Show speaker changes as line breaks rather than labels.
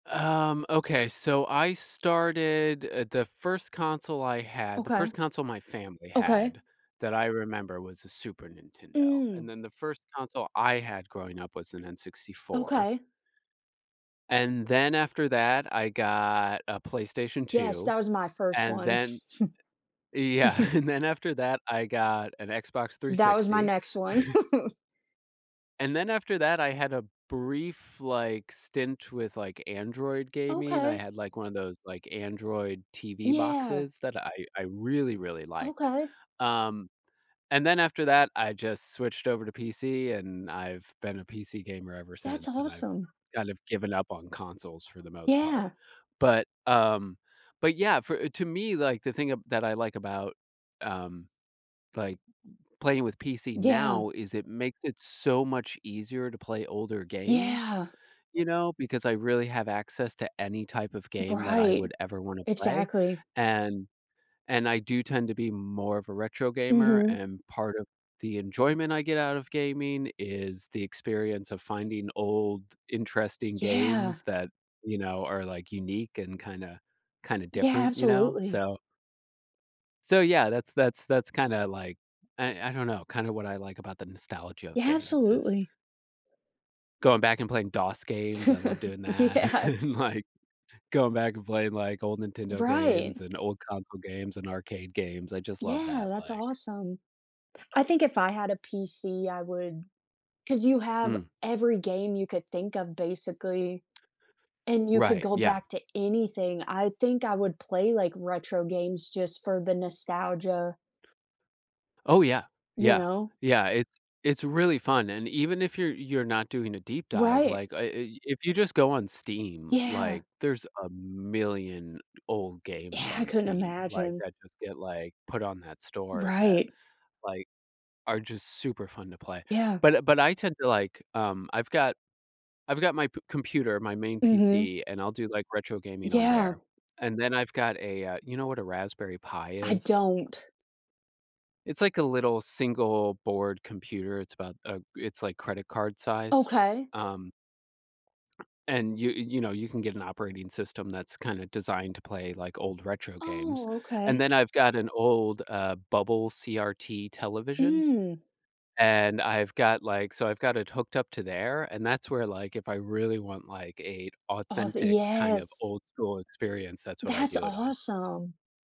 Um, okay, so I started uh, the first console I had the
Okay.
first console my family
Okay.
had that I remember was a Super Nintendo, and
Mm.
then the first console I had growing up was an N64
Okay.
and then after that, I got a PlayStation
Yes,
2,
that was my first
and
one.
then yeah, and then after that, I got an Xbox
That was my
360
next one.
and then after that I had a brief, like, stint with, like, Android gaming. I
Okay.
had, like, one of those, like, Android TV
Yeah.
boxes that I I really, really liked,
Okay.
um, and then after that I just switched over to PC and I've been a PC gamer ever
That's
since, and I've
awesome.
kind of given up on consoles for the most part,
Yeah.
but, um, but, yeah, for to me, like, the thing ab that I like about, um, like, playing with PC
Yeah.
now is it makes it so much easier to play older games,
Yeah.
you know, because I really have access to any type of game that I
Right,
would ever wanna play,
exactly.
and and I do tend to be more of a retro gamer,
Mhm.
um, part of the enjoyment I get out of gaming is the experience of finding old interesting
Yeah.
games that, you know, are, like, unique and kinda kinda
Yeah,
different, you know?
absolutely.
So so, yeah, that's that's that's kinda, like, I I don't know, kind of what I like about the nostalgia of
Yeah,
games, is
absolutely.
going back and playing DOS games, I love doing that,
Yeah.
and, like, going back and playing, like, old Nintendo games,
Right.
and old Console games, and Arcade games, I just love
Yeah,
that,
that's
like
awesome. I think if I had a PC, I would 'cause you have
Mm.
every game you could think of basically, and you could
Right,
go
yeah.
back to anything. I think I would play, like, retro games just for the nostalgia
Oh yeah.
you
Yeah
know?
yeah, it's it's really fun, and even if you're you're not doing a deep dive,
Right.
like, uh, i if you just go on Steam,
Yeah.
like, there's a million old games
Yeah, I
on
couldn't
Steam. Like,
imagine.
I just get, like, put on that store that,
Right.
like, are just super fun to play,
Yeah.
but uh, but I tend to, like um, I've got p I've got my computer my main
Mhm.
PC, and I'll do, like, retro gaming on
Yeah.
there, and then I've got a, uh, you know what a Raspberry Pi
I
is?
don't.
It's, like, a little single board computer, it's about a it's, like, credit card sized,
Okay.
um, and you you know, you can get an operating system that's kinda designed to play, like, old retro games,
Oh,
and
okay.
then I've got an old, uh, bubble CRT television,
Mm.
and I've got, like so I've got it hooked up to there, and that's where, like, if I really want, like, a
Oh
authentic kind of
yes.
old school experience, that's what I
That's
do it on.
awesome.